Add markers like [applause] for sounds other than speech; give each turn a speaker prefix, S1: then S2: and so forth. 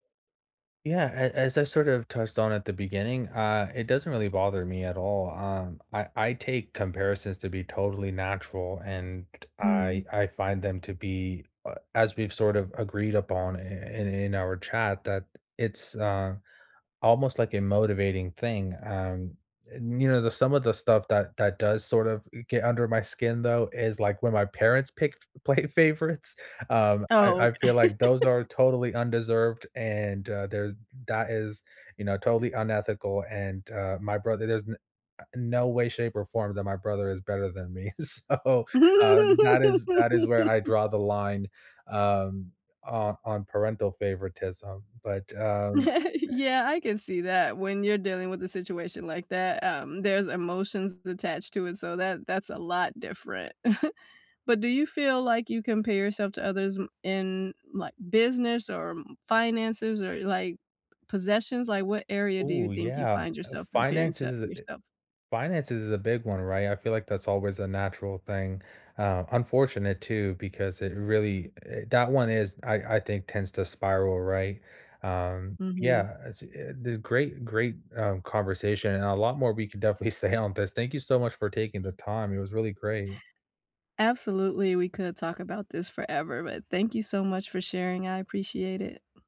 S1: Yeah, a as I sort of touched on at the beginning, uh, it doesn't really bother me at all. Um, I I take comparisons to be totally natural, and
S2: Hmm.
S1: I I find them to be uh, as we've sort of agreed upon i in in our chat, that it's, uh, almost like a motivating thing, um, and, you know, the some of the stuff that that does, sort of, i get under my skin though, is, like, when my parents pick f play favorites, um, I I
S2: Okay.
S1: feel like those are totally undeserved, and, uh, there that is, you know, totally unethical. And, uh, my brother, there's n a no way, shape or form that my brother is better than me. So, uh, that is that is where I
S2: [laughs]
S1: draw the line, um, o on parental favoritism. But, um
S2: [chuckles] Yeah, I can see that when you're dealing with a situation like that, um, there's emotions attached to it, so, that that's a lot different. [chuckles] But do you feel like you compare yourself to others m in, like, business or m finances or, like, possessions? Like, what area do you
S1: Ooh,
S2: think you
S1: yeah.
S2: find
S1: Uh,
S2: yourself comparing
S1: finance is
S2: to
S1: is a
S2: yourself?
S1: finance is is a big one, right? I feel like that's always a natural thing. Uh, unfortunate too because it really i that one is I I think, tends to spiral, right? Um
S2: Mhm.
S1: yeah, as it and the great, great, um, conversation, and a lot more we could definitely say on this. Thank you so much for taking the time, it was really great.
S2: Absolutely, we could talk about this forever. But, thank you so much for sharing. I appreciate it.